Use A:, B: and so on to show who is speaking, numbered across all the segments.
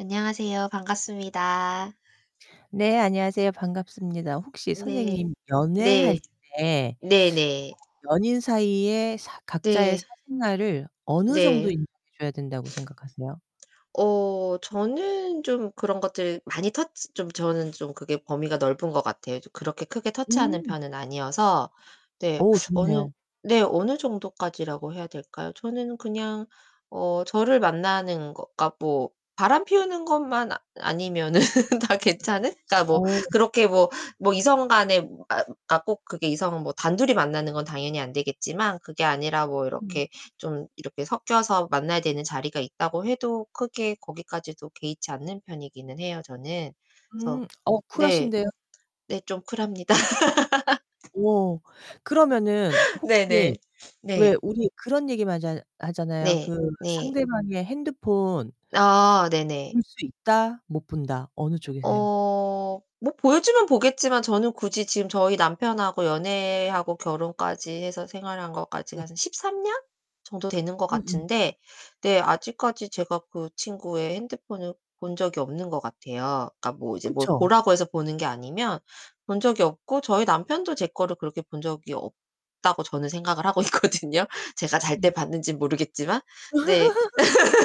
A: 안녕하세요. 반갑습니다.
B: 네 안녕하세요. 반갑습니다. 혹시
A: 네.
B: 선생님 연애할
A: 네.
B: 때
A: 네네.
B: 어 연인 사이에 사 각자의
A: 네.
B: 사생활을 어느 정도
A: 네.
B: 인정해 줘야 된다고 생각하세요?
A: 어 저는 좀 그런 것들 많이 터치 좀 저는 좀 그게 범위가 넓은 것 같아요. 그렇게 크게 터치하는
B: 음.
A: 편은 아니어서 네.
B: 오
A: 어느
B: 좋네요.
A: 네. 어느 정도까지라고 해야 될까요? 저는 그냥 어 저를 만나는 것까 뭐 바람피우는 것만 아니면은 다 괜찮은? 그러니까 뭐
B: 어.
A: 그렇게 뭐 뭐 이성 간에 아 꼭 그게 이성은 뭐 단둘이 만나는 건 당연히 안 되겠지만 그게 아니라 뭐
B: 음.
A: 이렇게 좀 이렇게 섞여서 만나야 되는 자리가 있다고 해도 크게 거기까지도 개의치 않는 편이기는 해요, 저는. 그래서
B: 음 어
A: 네.
B: 쿨하신데요?
A: 네 좀 쿨합니다.
B: 음. 오, 그러면은 혹시
A: 네네.
B: 왜
A: 네.
B: 우리 그런 얘기만 쟎 하잖아요.
A: 네,
B: 그
A: 네.
B: 상대방의 핸드폰
A: 아 네네.
B: 볼 수 있다, 못 본다 어느 쪽이세요?
A: 어 뭐 보여주면 보겠지만 저는 굳이 지금 저희 남편하고 연애하고 결혼까지 해서 생활한 것까지가
B: 네.
A: 한 13 년 정도 되는 것
B: 음음.
A: 같은데 네 아직까지 제가 그 친구의 핸드폰을 본 적이 없는 것 같아요. 그러니까 뭐 이제 뭘
B: 그쵸.
A: 보라고 해서 보는 게 아니면 본 적이 없고 저희 남편도 제 거를 그렇게 본 적이 없다고 저는 생각을 하고 있거든요. 제가 잘 때
B: 음.
A: 봤는진 모르겠지만. 네.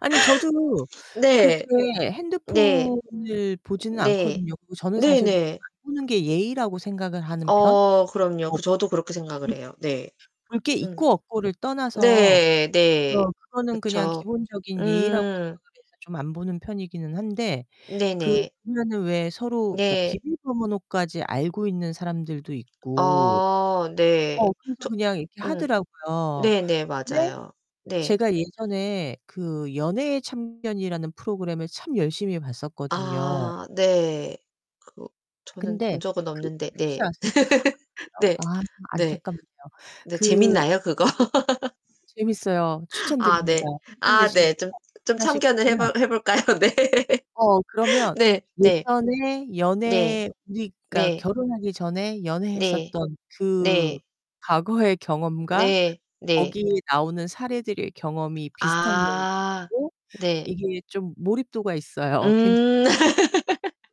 B: 아니 저도
A: 네.
B: 그렇게
A: 네.
B: 핸드폰을 보지는
A: 네.
B: 않거든요. 그리고 저는 사실 그리고
A: 네네.
B: 안 보는 게 예의라고 생각을 하는 편
A: 어 그럼요.
B: [unintelligible]
A: 그 저도 그렇게 생각을
B: 볼
A: 해요. 네.
B: 볼 게
A: 음.
B: 있고 없고를 떠나서
A: 네 네.
B: 어 그거는 그냥
A: 그쵸.
B: 기본적인 예의라고
A: 음.
B: 생각을 해서 좀 안 보는 편이기는 한데 그
A: 네네.
B: 보면은 왜 서로 그러니까
A: 네.
B: 비밀번호까지 알고 있는 사람들도 있고
A: 아 네.
B: 어 그래서
A: 저
B: 그냥 이렇게
A: 음.
B: 하더라고요.
A: 네네
B: 근데
A: 맞아요. 네.
B: 제가 예전에 그 연애의 참견이라는 프로그램을 참 열심히 봤었거든요.
A: 아 네. 그 저는
B: 근데
A: 본 적은
B: 그
A: 없는데
B: 혹시
A: 네.
B: 아세요? 아 그래요?
A: 네.
B: 아
A: 네.
B: 안타깝네요.
A: 네
B: 그 프로그램이
A: 재밌나요, 그거?
B: 재밌어요.
A: 아
B: 추천드립니다.
A: 네.
B: 시간
A: 아
B: 되실
A: 네.
B: 때
A: 좀 좀
B: 하나씩
A: 참견을 해
B: 보면
A: 볼 해 볼까요? 네.
B: 어 그러면
A: 네. 네.
B: 예전에
A: 네
B: 연애 우리 그러니까
A: 네.
B: 결혼하기 전에
A: 네.
B: 연애했었던 그
A: 네.
B: 과거의 경험과
A: 네. 네.
B: 거기에 나오는 사례들의 경험이 비슷한 경우도
A: 아
B: 있고
A: 네.
B: 이게 좀 몰입도가 있어요. 괜찮
A: 음.